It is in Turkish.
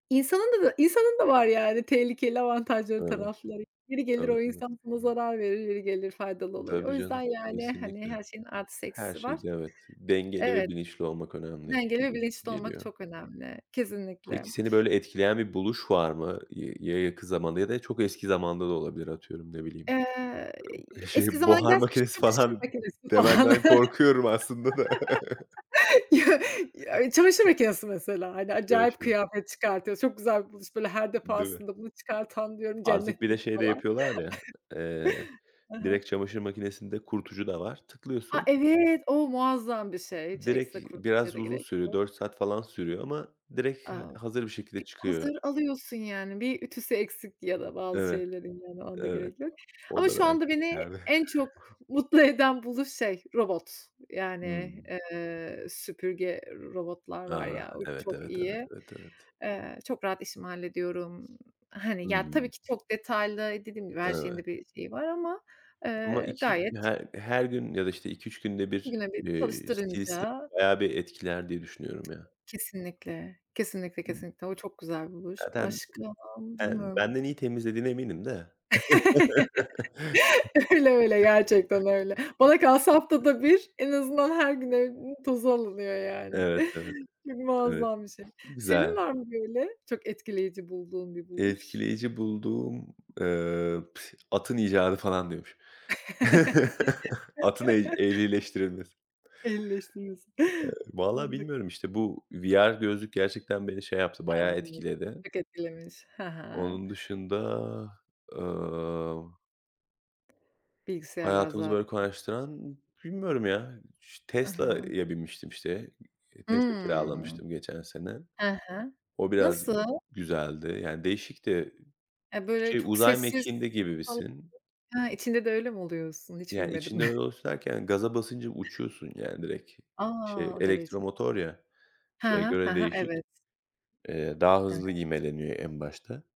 İnsanın da bö insanın da var, yani, tehlikeli avantajları, Evet, tarafları. Yeri gelir, evet, o evet. insan sana zarar verir, yeri gelir, faydalı olur. O Tabii yüzden, canım, yani, hani, kesinlikle. her şeyin artısı Her eksisi var. şeyde evet, dengeli ve Evet. bilinçli olmak önemli, Dengeli ve gibi, bilinçli olmak geliyor. çok önemli, kesinlikle. Peki, seni böyle etkileyen bir buluş var mı? Y ya, yakın zamanda ya da çok eski zamanda da olabilir. Atıyorum, ne bileyim, Eee, ııı, eski şey, zamana buhar gidersek [unintelligible] makinesi çamaşır falan makinesi pahalı. demenden korkuyorum aslında da Ya, çamaşır makinesi mesela; hani, acayip [unintelligible] kıyafet çıkartıyoruz, çok güzel bir buluş. Böyle her Değil mi? defasında, bunu çıkartan diyorum, Artık, bir de cennetlik şey de falan. yapıyorlar ya; eee, Hı hı. direkt çamaşır makinesinde, kurutucu da var, A! tıklıyorsun Evet, o muazzam bir şey. Hiç Direkt ekstra kurutmaya Biraz da uzun gerek sürüyor, yok. 4 saat falan sürüyor ama direkt, ha A! hazır bir şekilde Bir çıkıyor. hazır alıyorsun, yani, bir ütüsü eksik ya da bazı Evet, şeylerin, yani, ona da evet. gerek yok. O Ama da şu belki anda beni, ileride. en çok mutlu eden buluş şey: Robot. Yani, Hımm. eee, süpürge robotlar var Ah, ya, o evet, çok evet, evet, iyi. evet, evet. Eee, çok rahat işimi hallediyorum. Hı Hani ya, tabii hı. ki çok detaylı Dediğim gibi her şeyin Evet. de, bir şeyi var ama, Ama eee, iki gayet her-her gün ya da işte 2-3 günde 2 1, güne 1 eee, [unintelligible] çalıştırınca bayağı bir etkiler diye düşünüyorum ya. Kesinlikle, kesinlikle, kesinlikle. O çok güzel buluş, Zaten başka ben bilmiyorum. benden iyi temizlediğine eminim de Öyle, öyle gerçekten öyle. Bana kalsa haftada bir, en azından her gün evin tozu alınıyor, yani. Evet, evet, Çok evet. muazzam bir şey. Senin Güzel. var mı böyle, çok etkileyici bulduğun, bir buluş? Etkileyici bulduğum, eee, [unintelligible] atın icadı falan diyormuş. Atın eh ehlileştirilmesi. Ehlileştirilmesi, Eee, valla [unintelligible] bilmiyorum işte, bu VR gözlük gerçekten beni şey yaptı, A! bayağı Evet. etkiledi. Çok etkilemiş, he he. Onun dışında, eee Bilgisayarlar Hayatımızı zaten böyle kolaylaştıran bilmiyorum ya, iş I hı. Tesla'ya binmiştim işte. İii, Tesla Hıı. kiralamıştım, geçen sene. He he, O biraz nasıl? güzeldi; yani değişikti. E, böyle Şey, çok uzay sessiz mekiğinde falan gibisin. Ha, içinde de öyle mi oluyorsun? Hiç Yani, binmedim. içinde öyle [unintelligible] gaza basınca uçuyorsun, yani, direkt. Şey, A! O derece. elektromotor ya, He şeye he, he göre he, değişik. evet. Eee, daha hızlı [unintelligible] ivmeleniyor en başta.